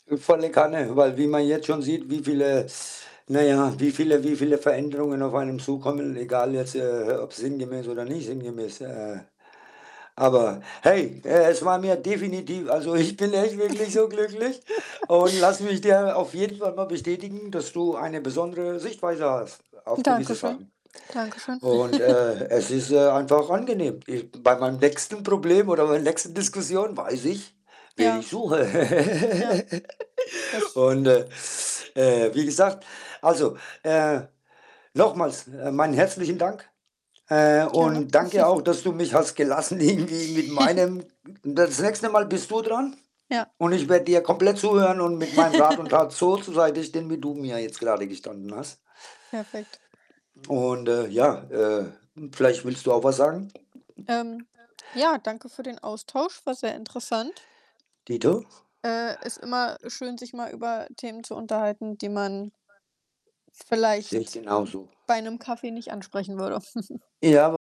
Äh, volle Kanne, weil wie man jetzt schon sieht, wie viele na ja, wie viele wie viele Veränderungen auf einen zukommen, egal jetzt, äh, ob sinngemäß oder nicht sinngemäß, äh aber, hey, äh, es war mir definitiv also, ich bin echt wirklich so glücklich, und lass mich dir auf jeden Fall mal bestätigen, dass du eine besondere Sichtweise hast auf gewisse Dankeschön. Sachen Dankeschön. und, äh, es ist, äh, einfach angenehm. Ich bei meinem nächsten Problem oder bei der nächsten Diskussion weiß ich, wen Ja. ich suche. Ja. Das Und, äh, pf äh, wie gesagt, also, äh, nochmals, äh, meinen herzlichen Dank, äh, Gerne. und danke auch, dass du mich hast gelassen irgendwie mit meinem m das nächste Mal bist du dran Ja. und ich werde dir komplett zuhören und mit meinem Rat und Tat so zur Seite sehen, wie du mir jetzt grade gestanden hast Perfekt. und, äh, ja, äh, vielleicht willst du auch was sagen? Ähm, ja, danke für den Austausch, war sehr interessant. Dito. Äh, ist immer schön, sich mal über Themen zu unterhalten, die man Sehe ich vielleicht, äh, genauso. bei 'nem Kaffee nicht ansprechen würde. Ja w